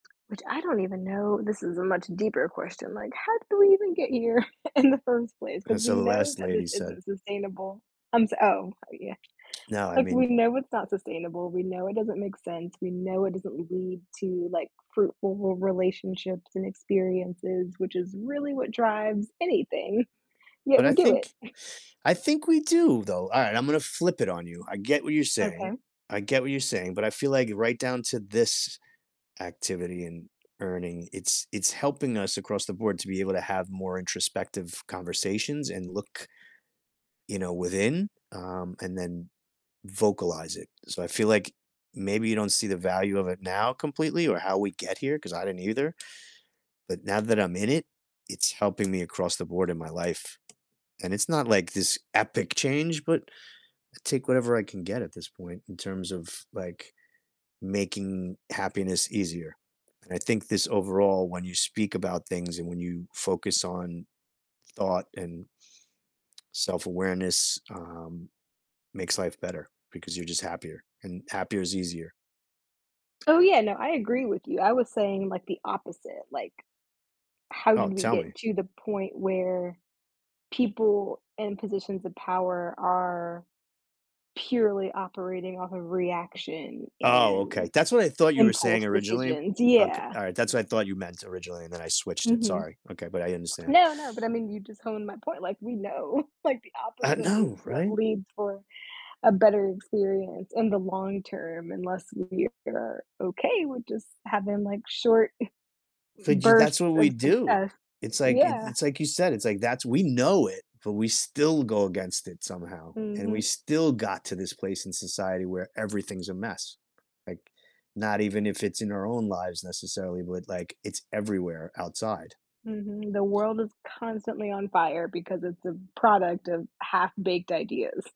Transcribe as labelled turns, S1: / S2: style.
S1: Which I don't even know. This is a much deeper question, like, how did we even get here in the first place?
S2: And
S1: 'Cause we
S2: so the
S1: know
S2: last
S1: that
S2: lady
S1: this
S2: said
S1: isn't sustainable. I'm, s oh, yeah.
S2: No, I
S1: Like, we
S2: mean
S1: know it's not sustainable. We know it doesn't make sense. We know it doesn't lead to, like, fruitful re relationships and experiences, which is really what drives anything. Yet
S2: But I
S1: we do
S2: think
S1: it.
S2: I think we do though. All right, I'm gonna flip it on you. I get what you're saying,
S1: Okay.
S2: I get what you're saying, but I feel like right down to this activity and earning, it's it's helping us across the board to be able to have more introspective conversations and look you know, within, um, and then vocalize it. So I feel like maybe you don't see the value of it now completely or how we get here, 'cause I didn't either. But now that I'm in it, it's helping me across the board in my life, and it's not like this epic change, but I take whatever I can get at this point in terms of, like, making happiness easier, and I think this overall when you speak about things and when you focus on thought and self-awareness, um, makes life better because you're just happier and happier is easier.
S1: Oh, yeah, no, I agree with you. I was saying, like, the opposite, like How
S2: Oh,
S1: did we
S2: tell me.
S1: get to the point where people in positions of power are purely operating off of reaction
S2: Oh, okay.
S1: and
S2: That's what I thought you were saying
S1: impulse
S2: originally.
S1: decisions,
S2: Okay,
S1: yeah.
S2: all right, that's what I thought you meant originally, and then I switched it,
S1: Mhm.
S2: sorry. Okay, but I understand.
S1: No, no, but I mean you just honed my point, like, we know, like, the
S2: I
S1: opposite is
S2: know,
S1: what
S2: right?
S1: leads for a better experience in the long term unless we are okay with just having, like, short
S2: F j that's
S1: bursts
S2: what we
S1: of
S2: do.
S1: success,
S2: It's like i
S1: yeah.
S2: it's like you said, it's, like that's we know it, but we still go against it somehow and we
S1: Mhm.
S2: still got to this place in society where everything's a mess, like, not even if it's in our own lives necessarily, but, like, it's everywhere outside.
S1: Mhm. The world is constantly on fire because it's a product of half-baked ideas.